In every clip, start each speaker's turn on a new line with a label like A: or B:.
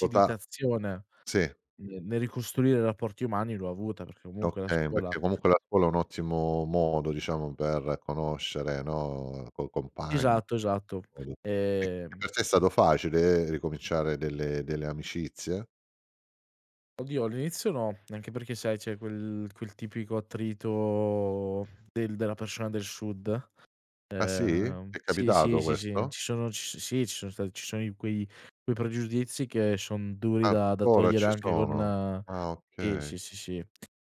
A: Pota sì.
B: ne nel ricostruire rapporti umani l'ho avuta perché comunque la
A: Okay,
B: scuola
A: perché comunque la scuola è un ottimo modo diciamo per conoscere, no, co coi compagni,
B: Esatto, esatto.
A: quindi Eh, per
B: Ehm...
A: te è stato facile ricominciare delle delle amicizie?
B: Oddio, all'inizio no, anche perché sai c'è quel quel tipico attrito del della persona del sud.
A: Ah, sì?
B: Ehm
A: Ti è
B: sì, sì,
A: capitato
B: sì, sì,
A: questo?
B: ci sono ci so sì, ci sono stati ci sono i quei quei pregiudizi che son duri da da
A: Ancora
B: togliere
A: ci
B: anche
A: sono?
B: con
A: Ah,
B: eh,
A: okay.
B: sì, sì, sì.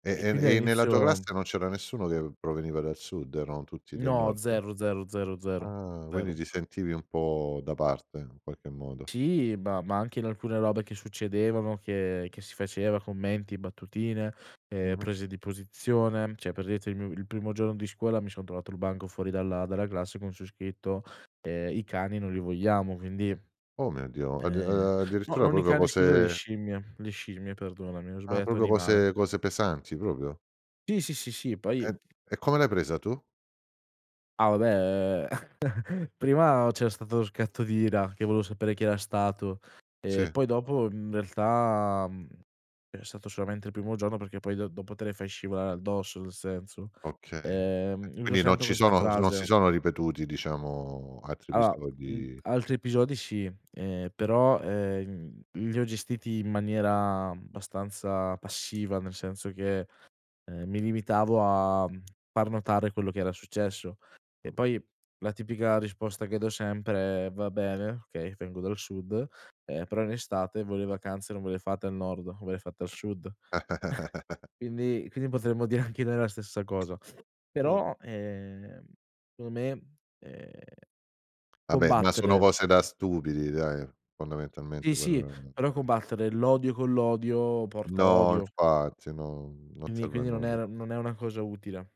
A: E
B: E quindi
A: e e nella tua
B: all'inizio...
A: classe non c'era nessuno che proveniva dal sud? Erano tutti del
B: No,
A: nord?
B: zero, zero, zero, zero,
A: Ah, quindi
B: zero.
A: ti sentivi un po' da parte in qualche modo.
B: Sì, ma ma anche in alcune robe che succedevano, che che si faceva, commenti, battutine, ehm,
A: Mh-mh.
B: prese di posizione, cioè per dirti il mio il primo giorno di scuola mi sono trovato il banco fuori dalla dalla classe con su scritto, ehm: "I cani non li vogliamo." quindi
A: Oh, mio Dio. Oddi
B: ehm
A: ehm,
B: no,
A: addirittura
B: non i
A: proprio
B: cani, scusa, le
A: cose
B: scimmie, le scimmie perdonami, ho
A: Ah,
B: sbagliato
A: proprio
B: animale.
A: cose cose pesanti proprio.
B: Sì, sì, sì, sì, poi
A: E e come l'hai presa tu?
B: Ah, vabbè, uhm, prima c'era stato lo scatto d'ira che volevo sapere chi era stato, e
A: Sì.
B: poi dopo, mhmm, in realtà, mhmm, è stato solamente il primo giorno perché poi do dopo te le fai scivolare addosso, nel senso.
A: Okay. Eh,
B: Ehm, uso
A: quindi non
B: sempre
A: ci
B: questa
A: sono s non si
B: frase.
A: sono ripetuti diciamo altri
B: Allora, mhmm,
A: episodi
B: altri episodi sì. Ehm, però, ehm, li ho gestiti in maniera abbastanza passiva, nel senso che, ehm, mi limitavo a, mhmm, far notare quello che era successo. E
A: Mh.
B: poi la tipica risposta che do sempre è: "Va bene. Okay, vengo dal sud. Eh, però in estate voi le vacanze non ve le fate al nord, ve le fate al sud." Quindi quindi potremmo dire anche noi la stessa cosa,
A: Mh.
B: però, ehm, secondo me, eh,
A: Vabbè, ma sono
B: combattere.
A: cose da stupidi dai,
B: Sì,
A: fondamentalmente quello
B: sì.
A: è.
B: Però,
A: [unintelligible]
B: combattere l'odio con l'odio porta
A: No,
B: odio.
A: infatti, no, non
B: Quindi
A: serve a
B: quindi non
A: nulla.
B: era non è una cosa utile.